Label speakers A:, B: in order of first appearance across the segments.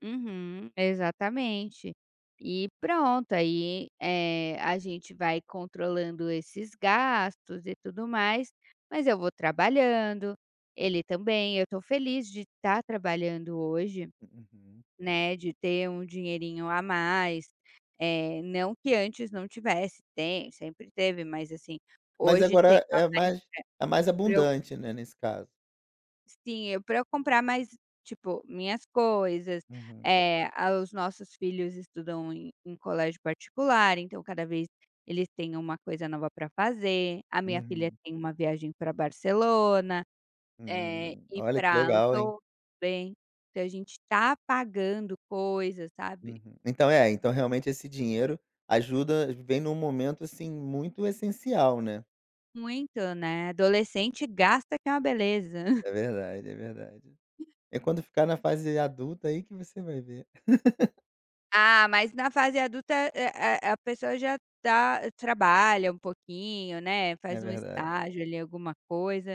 A: Uhum, exatamente, e pronto aí, eh, a gente vai controlando esses gastos e tudo mais, mas eu vou trabalhando, ele também, eu estou feliz de estar trabalhando hoje,
B: Uhum.
A: né, de ter um dinheirinho a mais, eh, não que antes não tivesse tem, sempre teve mas assim,
B: Mas
A: hoje tem.
B: agora é mais, é mais
A: [unintelligible]
B: abundante, né, nesse caso.
A: Sim, para eu comprar mais tipo minhas coisas,
B: Uhum.
A: eh, os nossos filhos estudam em em colégio particular então cada vez eles têm uma coisa nova para fazer, a minha filha
B: Uhum.
A: tem uma viagem para Barcelona, eh,
B: Uhum, olha que
A: para
B: legal hein?
A: Andorra também, então a gente está pagando coisas, sabe?
B: Uhum, então é, então realmente esse dinheiro ajuda, vem em um momento assim muito essencial, né.
A: Muito, né, adolescente gasta que é uma beleza.
B: É verdade, é verdade. É quando ficar na fase adulta aí que você vai ver.
A: Ah, mas na fase adulta é é a pessoa já tá trabalha uma pouquinho, né,
B: É
A: faz um
B: verdade.
A: estágio ali alguma coisa,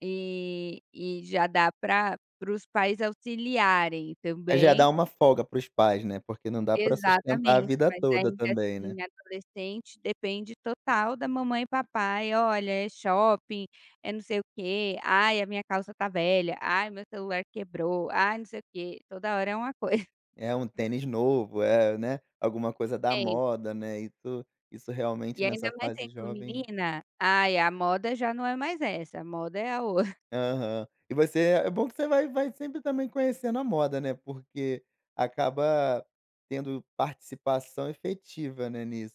A: e e já dá pra para os pais auxiliarem
B: Aí já dá
A: também.
B: uma folga para os pais, né, porque não dá para sustentar a
A: Exatamente,
B: vida
A: mas aí
B: toda
A: que,
B: também,
A: assim,
B: né.
A: adolescente depende total da mamãe e papai, olha é shopping, é não sei o quê: "Ai a minha calça está velha, ai meu celular quebrou, ai não sei o quê", toda hora é uma coisa.
B: É um tênis novo, eh, né, alguma coisa da
A: Tenis.
B: moda, né, isso, isso
A: E
B: realmente
A: ainda
B: nessa
A: mais
B: fase
A: sendo
B: jovem.
A: menina, ai a moda já não é mais essa, a moda é a ou
B: Aham. E você é bom que você vai vai sempre também conhecer na moda, né, porque, acaba tendo participação efetiva, né, nisso.